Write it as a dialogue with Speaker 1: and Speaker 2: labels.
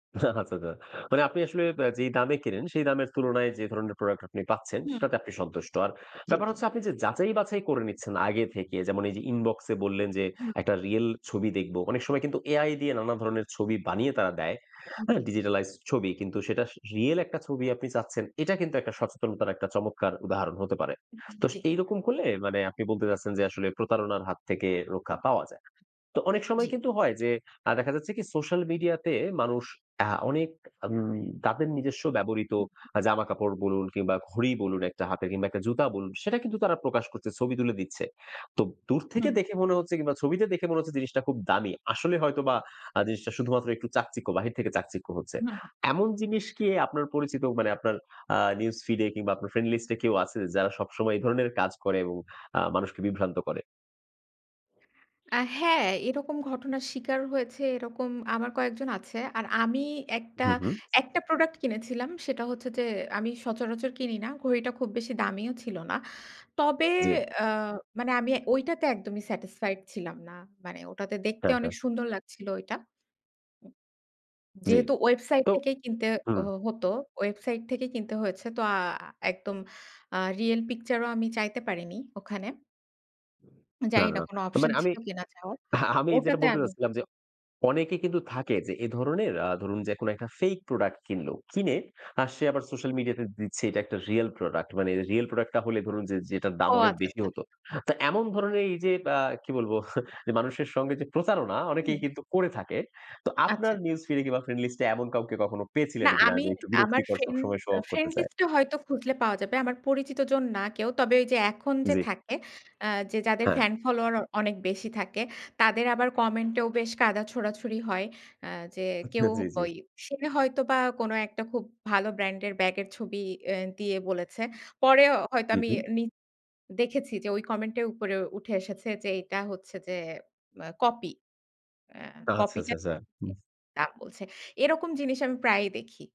Speaker 1: আচ্ছা, আচ্ছা। মানে আপনি আসলে আ যেই দামে কেনেন, সেই দামের তুলনায় যে, ধরনের প্রোডাক্ট আপনি পাচ্ছেন,
Speaker 2: হুম।
Speaker 1: সেটাতে আপনি সন্তুষ্ট। আর
Speaker 2: জি,
Speaker 1: ব্যাপার
Speaker 2: জি।
Speaker 1: হচ্ছে আপনি যে, যাচাই বাছাই করে নিচ্ছেন আগে থেকে। যেমন এই যে, ইনবক্সে বললেন যে,
Speaker 2: হুম।
Speaker 1: একটা রিয়াল ছবি দেখব। অনেক সময় কিন্তু AI দিয়ে নানা ধরনের ছবি বানিয়ে তারা দেয়,
Speaker 2: হুম,
Speaker 1: হ্যাঁ?
Speaker 2: জি, জি।
Speaker 1: digitalized ছবি। কিন্তু সেটা স রিয়াল একটা ছবি আপনি চাচ্ছেন। এটা কিন্তু একটা সচেতনতার একটা চমৎকার উদাহরণ হতে পারে।
Speaker 2: উ উ
Speaker 1: তো
Speaker 2: জি।
Speaker 1: এইরকম করলে মানে আপনি বলতে চাচ্ছেন যে, আসলে প্রতারণার হাত থেকে রক্ষা পাওয়া যায়। তো অনেক
Speaker 2: [unintelligible]
Speaker 1: সময়
Speaker 2: জি।
Speaker 1: কিন্তু হয় যে, আ দেখা যাচ্ছে কি সোশ্যাল মিডিয়াতে মানুষ আ অনেক আম তাদের নিজস্ব ব্যবহৃত
Speaker 2: হুম, উ
Speaker 1: আ জামাকাপড় বলুন, কিংবা ঘড়ি বলুন একটা হাতের, কিংবা একটা জুতা বলুন, সেটা কিন্তু তারা প্রকাশ করছে, ছবি তুলে দিচ্ছে। তো দূর থেকে
Speaker 2: হুম।
Speaker 1: দেখে মনে হচ্ছে কিংবা ছবিতে দেখে মনে হচ্ছে জিনিসটা খুব দামি। আসলে হয়তোবা আ জিনিসটা শুধুমাত্র একটু চাকচিক্য বাহির থেকে চাকচিক্য হচ্ছে।
Speaker 2: হুম।
Speaker 1: এমন জিনিস কি আপনার পরিচিত মানে আপনার আ নিউজ ফিডে, কিংবা আপনার ফ্রেন্ডলিস্টে কেউ আছে? যারা সবসময় এ ধরনের কাজ করে এবং আ মানুষকে বিভ্রান্ত করে?
Speaker 2: আ হ্যাঁ, এরকম ঘটনার শিকার হয়েছে এরকম আমার কয়েকজন আছে। আর আমি
Speaker 1: উ
Speaker 2: একটা
Speaker 1: হু, হুম।
Speaker 2: একটা প্রোডাক্ট কিনেছিলাম। সেটা হচ্ছে যে, আমি সচরাচর কিনি না, ঘড়িটা খুব বেশি দামিও ছিল না। তবে
Speaker 1: জি।
Speaker 2: অ্যা মানে আমি ওইটাতে একদমই satisfied ছিলাম না। মানে ওটাতে দেখতে
Speaker 1: হ্যাঁ, হ্যাঁ।
Speaker 2: অনেক সুন্দর লাগছিল ওইটা। উম
Speaker 1: জি।
Speaker 2: যেহেতু ওয়েবসাইট
Speaker 1: তো
Speaker 2: থেকেই কিনতে
Speaker 1: হুম।
Speaker 2: হ হতো, ওয়েবসাইট থেকেই কিনতে হয়েছে। তো আ একদম আ রিয়েল পিকচারও আমি চাইতে পারিনি ওখানে।
Speaker 1: না, না,
Speaker 2: জানিনা
Speaker 1: না।
Speaker 2: কোন অপশন
Speaker 1: মানে আমি
Speaker 2: ছিল কেনা চাওয়ার।
Speaker 1: আমি যেটা
Speaker 2: ওটাতে
Speaker 1: বলতে
Speaker 2: আমি
Speaker 1: চাচ্ছিলাম যে, অনেকে কিন্তু থাকে যে, এধরনের আ ধরুন, যে, কোনো একটা ফেইক প্রোডাক্ট কিনলো, কিনে আর সে আবার সোশ্যাল মিডিয়াতে দিচ্ছে এটা একটা রিয়াল প্রোডাক্ট। মানে রিয়াল প্রোডাক্টটা হলে ধরুন যে যেটার দাম
Speaker 2: ও
Speaker 1: অনেক
Speaker 2: আচ্ছা,
Speaker 1: বেশি
Speaker 2: আচ্ছা।
Speaker 1: হত। তা এমন ধরনের এই যে, আ কী বলব? যে, মানুষের সঙ্গে যে, প্রতারণা
Speaker 2: হুম।
Speaker 1: অনেকেই কিন্তু করে থাকে। তো আপনার
Speaker 2: আচ্ছা।
Speaker 1: নিউজ ফিডে কিংবা ফ্রেন্ডলিস্টে এমন কাউকে কখনো
Speaker 2: না,
Speaker 1: পেয়েছিলেন কিনা
Speaker 2: আমি
Speaker 1: যে, একটু
Speaker 2: আমার
Speaker 1: বিরক্তিকর,
Speaker 2: ফ্রেন্ড
Speaker 1: সবসময় শো-অফ
Speaker 2: ফ্রেন্ড
Speaker 1: করতে চায়?
Speaker 2: লিস্টে হয়তো খুঁজলে পাওয়া যাবে। আমার পরিচিত জন না কেউ। তবে ওইযে এখন যে,
Speaker 1: জি।
Speaker 2: থাকে, অ্যা যে, যাদের
Speaker 1: হ্যাঁ।
Speaker 2: ফ্যান ফলোয়ার অনেক বেশি থাকে, তাদের আবার কমেন্টেও বেশ কাদা ছোড়াছুড়ি হয়। অ্যা যে, কেউ
Speaker 1: জি, জি।
Speaker 2: ওই সে হয়তোবা কোনো একটা খুব ভালো ব্র্যান্ডের ব্যাগের ছবি অ্যা দিয়ে বলেছে। পরে হয়তো
Speaker 1: হু,
Speaker 2: আমি
Speaker 1: হুম।
Speaker 2: নি দেখেছি যে, ওই কমেন্টে উপরে উঠে এসেছে যে, এইটা হচ্ছে যে, আ কপি। অ্যা
Speaker 1: আচ্ছা,
Speaker 2: কপিটা
Speaker 1: আচ্ছা, আচ্ছা।
Speaker 2: [unintelligible]
Speaker 1: হুম।
Speaker 2: তা বলছে। এরকম জিনিস আমি প্রায়ই দেখি।